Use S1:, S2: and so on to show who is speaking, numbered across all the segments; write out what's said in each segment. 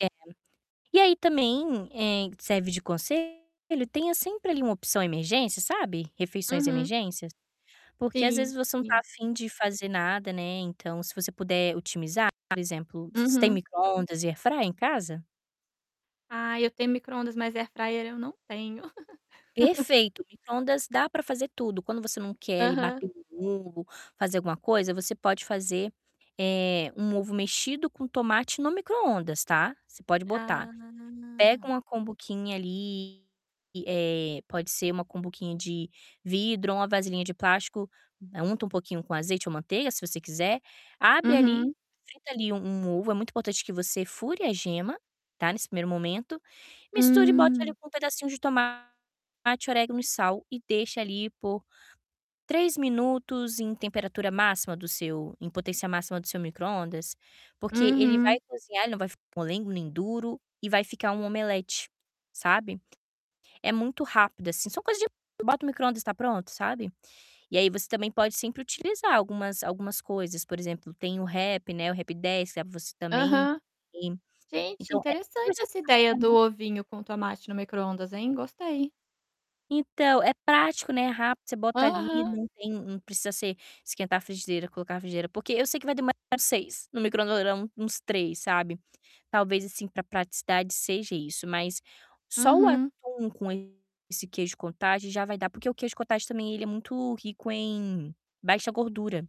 S1: É. e aí também, eh, serve de conselho, tenha sempre ali uma opção emergência, sabe. Refeições
S2: Uhum.
S1: emergências, porque às
S2: Sim,
S1: vezes você não tá
S2: sim.
S1: a fim de fazer nada, né. Então se você puder otimizar, por exemplo, você tem
S2: Uhum.
S1: micro-ondas e airfryer em casa?
S2: Ah, eu tenho micro-ondas, mas airfryer eu não tenho.
S1: Perfeito. Micro-ondas dá para fazer tudo. Quando você não quer ali
S2: Aham.
S1: bater um ovo, fazer alguma coisa, você pode fazer, eh, um ovo mexido com tomate no micro-ondas, tá. Você pode botar. Pega
S2: Ah.
S1: uma cumbuquinha ali, eh, pode ser uma cumbuquinha de vidro ou uma vasilhinha de plástico, unta um pouquinho com azeite ou manteiga, se você quiser, abre ali,
S2: Uhum.
S1: frita ali um um ovo, é muito importante que você fure a gema, tá, nesse primeiro momento, misture e bote ali
S2: Hum.
S1: um pedacinho de tomate, orégano e sal e deixe ali por 3 minutos em temperatura máxima do seu em potência máxima do seu micro-ondas, porque ele vai
S2: Uhum.
S1: cozinhar, ele não vai ficar molengo nem duro e vai ficar um omelete, sabe. É muito rápido, assim, são coisa de bota o micro-ondas e tá pronto, sabe. E aí você também pode sempre utilizar algumas algumas coisas, por exemplo, tem o Rap, né, o Rap10, que você também
S2: Aham. Gente,
S1: então é
S2: interessante
S1: coisa
S2: essa ideia
S1: prática,
S2: do
S1: né.
S2: ovinho com tomate no micro-ondas, hein. Gostei.
S1: Então é prático, né, rápido. Você bota ali,
S2: Aham.
S1: não tem não precisa ser esquentar frigideira, colocar frigideira, porque eu sei que vai demo [unintelligible] 6. No micro-ondas vai dar um uns 3, sabe. Talvez assim para praticidade seja isso, mas só o
S2: Uhum.
S1: atum com esse queijo cottage já vai dar, porque o queijo cottage também ele é muito rico em baixa gordura,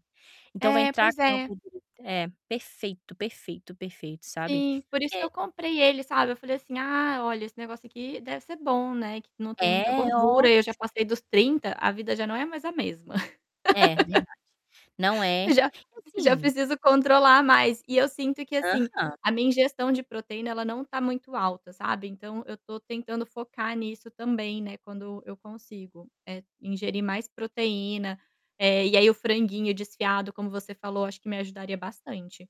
S1: então vai
S2: É,
S1: entrar
S2: pois
S1: com a
S2: é.
S1: gordura. É, perfeito, perfeito, perfeito, sabe.
S2: Sim, por isso que
S1: Que
S2: eu comprei ele, sabe. Eu falei assim: "Ah, olha, esse negócio aqui deve ser bom, né. Que não tem
S1: É,
S2: muita gordura". E eu já
S1: ótimo.
S2: passei dos 30, a vida já não é mais a mesma.
S1: É verdade. Não é, e
S2: Já já
S1: assim
S2: preciso controlar mais. E eu sinto que assim,
S1: Aham.
S2: a minha ingestão de proteína ela não tá muito alta, sabe. Então eu tô tentando focar nisso também, né, quando eu consigo, eh, ingerir mais proteína. Eh, e aí o franguinho desfiado, como você falou, acho que me ajudaria bastante.